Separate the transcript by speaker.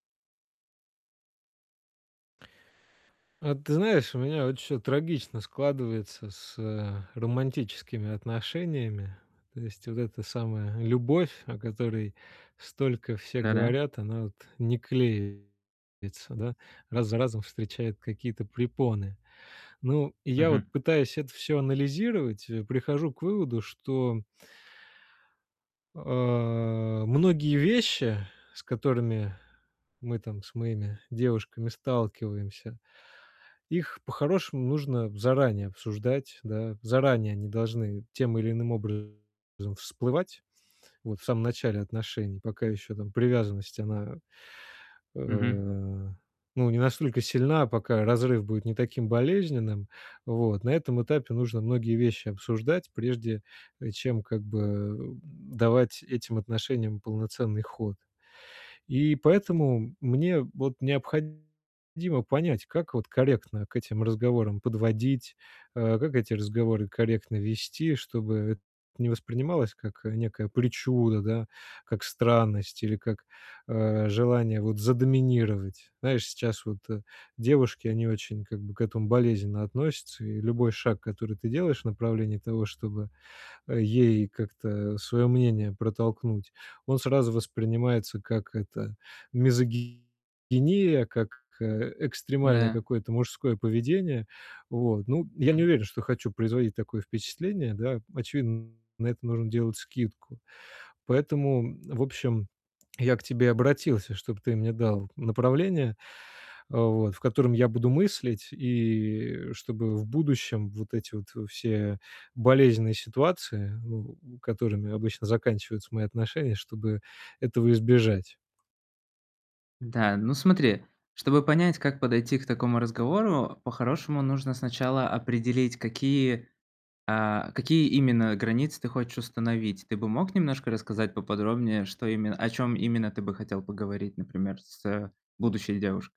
Speaker 1: А ты знаешь, у меня вот всё трагично складывается с, э, романтическими отношениями. То есть, вот эта самая любовь, о которой столько все
Speaker 2: Да-да.
Speaker 1: говорят, она, вот, не клеится, да, раз за разом встречает какие-то препоны. Ну и я вот
Speaker 2: Мгм.
Speaker 1: пытаюсь это всё анализировать, э, прихожу к выводу, что а, многие вещи, с которыми мы там с моими девушками сталкиваемся, их по-хорошему нужно заранее обсуждать, да. Заранее они должны, тем или иным образом, всплывать, вот, в самом начале отношений, пока ещё, там, привязанность, она, э,
Speaker 2: Мгм.
Speaker 1: ну не настолько сильна, пока разрыв будет не таким болезненным. Вот на этом этапе нужно многие вещи обсуждать, прежде, э, чем, как бы, эм, давать этим отношениям полноценный ход. И поэтому, мне вот необходимо понять, как вот корректно к этим разговорам подводить, э, как эти разговоры корректно вести, чтобы это не воспринималось, как, э, некая причуда, да, как странность или как, э, желание, вот, задоминировать. Знаешь, сейчас вот, э, девушки, они очень, как бы, к этому болезненно относятся. И любой шаг, который ты делаешь в направлении того, чтобы, э, ей как-то своё мнение протолкнуть, он сразу воспринимается как это- мизогиния, как, э, экстремальное
Speaker 2: Да.
Speaker 1: какое-то мужское поведение. Вот ну я не уверен, что хочу производить такое впечатление, да? Очевидно, на это нужно делать скидку. Поэтому, м, в общем, я к тебе обратился, чтоб ты мне дал направление, э, вот в котором я буду мыслить. И, э, чтобы в будущем, вот эти вот все болезненные ситуации, ну у которыми обычно заканчиваются мои отношения, чтобы этого избежать.
Speaker 2: Да. Ну смотри. Чтобы понять, как подойти к такому разговору, по-хорошему, нужно сначала определить, какие, а, какие именно границы ты хочешь установить. Ты бы мог немножко рассказать поподробнее, что именно о чем именно ты бы хотел поговорить, например, с, э, будущей девушкой?